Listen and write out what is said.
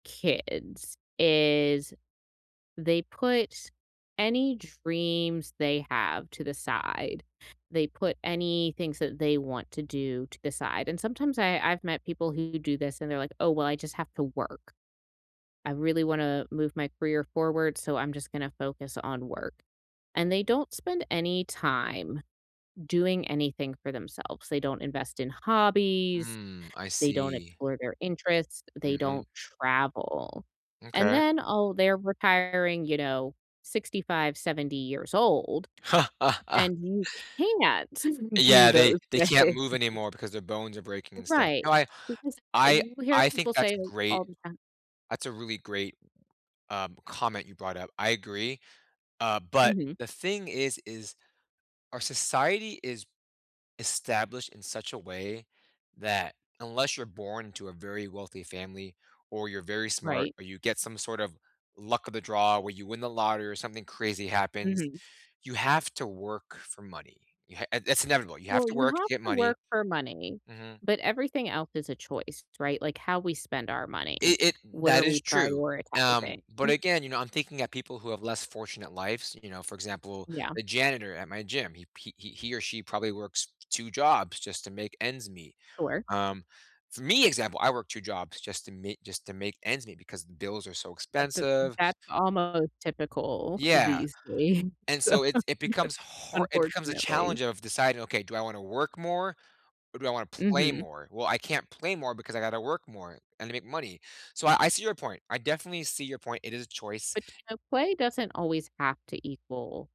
Kids is they put any dreams they have to the side. They put any things that they want to do to the side, and sometimes I I've met people who do this, and they're like, oh, well, I just have to work. I really wanna move my career forward, so I'm just gonna focus on work, and they don't spend any time doing anything for themselves. They don't invest in hobbies. Mm. I They don't see. explore their interests. They Mhm. don't travel, and M'kay. then, oh, they're retiring, you know, 65, 70 years old, and you can't do Yeah. They those they things. can't move anymore because their bones are breaking and stuff. Right. No. I Because th uh, I you hear I think people that's say it, great. all the time. That's a really great, um, comment you brought up. I agree, uh, but Mhm. the thing is is our society is established in such a way that, unless you're born into a very wealthy family, or you're very smart, Right. or you get some sort of luck of the draw where you win the lottery or something crazy happens, Mhm. you have to work for money. Y ha uh, it's inevitable. You have Well, to you work to have get to money. work for money, Mhm. but everything else is a choice, right, like how we spend our money. It it What that are we is true, um, prioritizing? but, again, you know, I'm thinking at people who have less fortunate lives, you know, for example, Yeah. the janitor at my gym. He p he he or she probably works 2 jobs just to make ends meet Sure. um, for me, example, I work 2 jobs just to me just to make ends meet because the bills are so At the expensive that's almost typical, Yeah, these days, and so so it's it becomes har it becomes a unfortunately. challenge of deciding, okay. Do I wanna work more, or do I wanna play Mhm. more? Well, I can't play more because I gotta work more, and to make money, so I I see your point. I definitely see your point. It is choice But, you know, play doesn't always have to equal